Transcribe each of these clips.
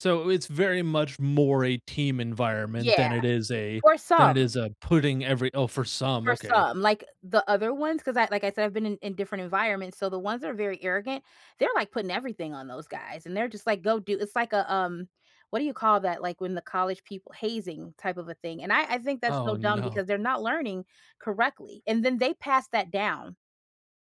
So, it's very much more a team environment Yeah, than it is a for than it some. is a putting every Oh, for some, For okay. some. Like the other ones, 'cause I like, I said, I've been in in different environments, so the ones that are very arrogant, they're like putting everything on those guys. And they're just like, go do it's like, uh, um, what do you call that? Like, when the college people hazing type of a thing. And I I think that's so Oh, dumb no. because they're not learning correctly. And then they pass that down.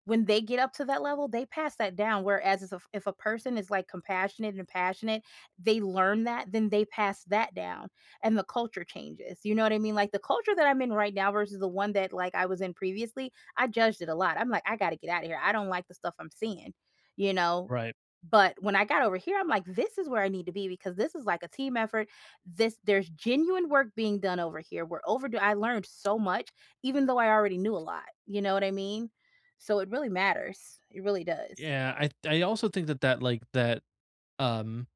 When they get up to that level, they pass that down, whereas is if if a person is, like, compassionate and passionate, they learn that, then they pass that down, and the culture changes. You know what I mean? Like, the culture that I'm in right now versus the one that, like, I was in previously, I judged it a lot. I'm like, "I gotta get out of here. I don't like the stuff I'm seeing," you know? Right. But, when I got over here, I'm like, "This is where I need to be because this is like a team effort. This there's genuine work being done over here. We're overdue." I learned so much, even though I already knew a lot. You know what I mean? So, it really matters. It really does. Yeah, I th I also think that, like, that, um,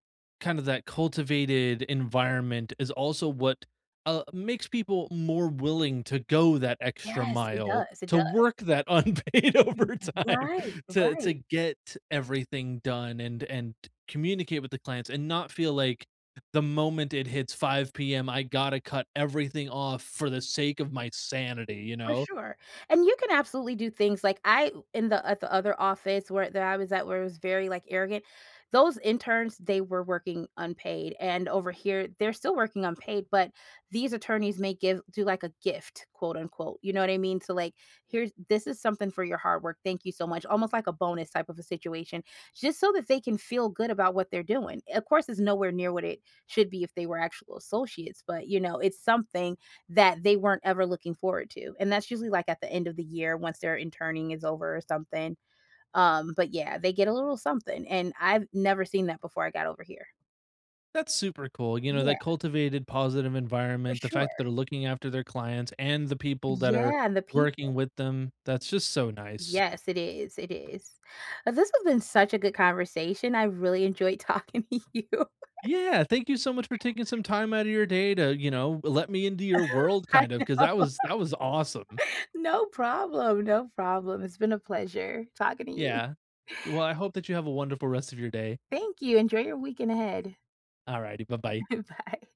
kind of that cultivated environment is also what, uh, makes people more willing to go that extra Yes, it mile, does, it to does. work that unpaid overtime Right, to to right. get everything done and and communicate with the clients and not feel like the moment it hits 5 PM, I gotta cut everything off for the sake of my sanity, you For know? sure. And you can absolutely do things, like, I in the at the other office where there I was at, where it was very, like, arrogant, those interns, they were working unpaid, and over here, they're still working unpaid, but these attorneys may give do, like, a "gift," quote, unquote. You know what I mean? So, like, "Here's this is something for your hard work. Thank you so much." Almost like a bonus type of a situation. Just so that they can feel good about what they're doing. Of course, it's nowhere near what it should be if they were actual associates, but, you know, it's something that they weren't ever looking forward to. And that's usually, like, at the end of the year once their interning is over or something. Um, but yeah, they get a little something. And I've never seen that before I got over here. That's super cool. You know, Yeah. that cultivated positive For environment, the fact that sure. are looking after their clients and the people that are Yeah, and the working people. with them. That's just so nice. Yes, it is, it is. Uh, this has been such a good conversation, I really enjoyed talking to you. Yeah, thank you so much for taking some time out of your day to, you know, let me into your world, I kind of, 'cause that know. was that was awesome. No problem, no problem. It's been a pleasure talking to you. Yeah. Y well, I hope that you have a wonderful rest of your day. Thank you. Enjoy your weekend ahead. Alrighty, buh-bye. Bye.